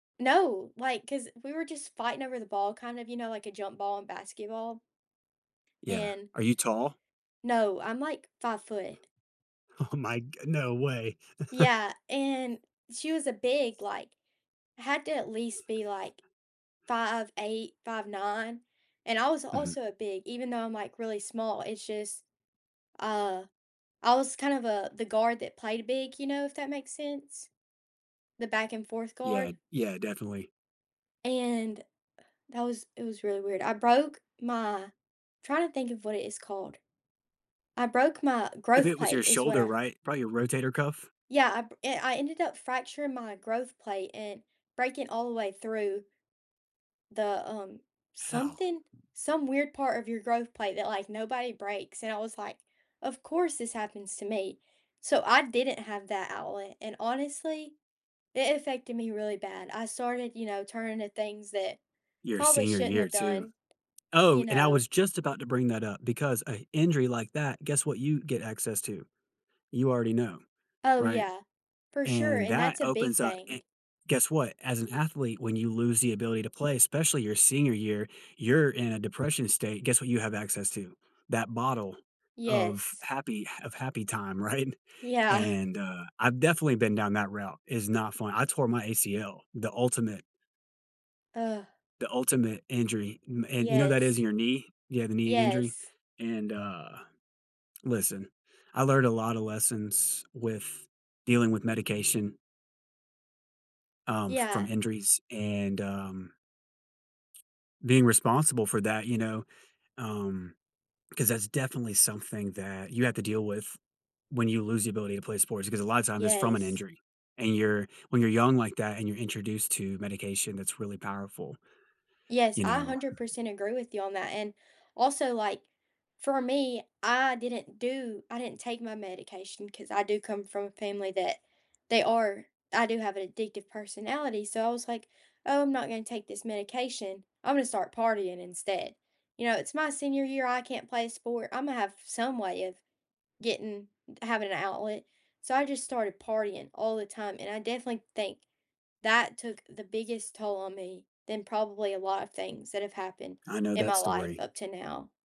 No. Like 'cause we were just fighting over the ball, kind of, you know, like a jump ball in basketball. Yeah. And Are you tall? No. I'm, like, 5'. Oh my g no way. Yeah, and she was, uh, big, like, had to at least be, like, 5'8", 5'9". And I was Mhm. also, uh, big, even though I'm, like, really small. It's just, uh, I was kind of a the guard that played big, you know, if that makes sense? The back-and-forth Yeah, guard. yeah, definitely. And, that was it was really weird. I broke my trying to think of what it is called. I broke my If growth it was your plate, is what shoulder, I right? Probably your rotator cuff. Yeah, I br and I ended up fracturing my growth plate and breaking all the way through the, um, Hell. something some weird part of your growth plate that, like, nobody breaks. And I was like, "Of course, this happens to me." So, I didn't have that outlet and honestly, it affected me really bad. I started, you know, turning to things that Your probably senior shouldn't year have too. done. Oh, You and I know? was just about to bring that up, because a injury like that, guess what you get access to? You already know, Oh, right? yeah. For sure, And, and that that's a big opens up eh thing. Guess what? As an athlete, when you lose the ability to play, especially your senior year, you're in a depression state. Guess what you have access to? That bottle of Yes. happy ha of happy time. Right? Yeah. And, uh, I've definitely been down that route is not fun. I tore my ACL, the ultimate Ugh. the ultimate injury. M and you know that is Yes. in your knee? Yeah, the knee injury. Yes. And, uh, listen, I learned a lotta lessons with dealing with medication um, from Yeah. injuries and, um, being responsible for that, you know. Um, 'cause that's definitely something that you have to deal with, when you lose the ability to play sports. Because a lot times that's from an Yes. injury. And you're when you're young like that and you're introduced to medication that's really powerful. Yes. You I know? hundred percent agree with you on that. And, also, like, for me, I didn't do I didn't take my medication 'cause I do come from a family that they are I do have an addictive personality. So, I was like, "Oh, I'm not gonna take this medication. I'm gonna start partying instead." You know, "It's my senior year. I can't play a sport. Imma have some way of getting having an outlet." So, I just started partying all the time, and I definitely think that took the biggest toll on me than probably a lot of things that have happened I know in that my life story. up to now.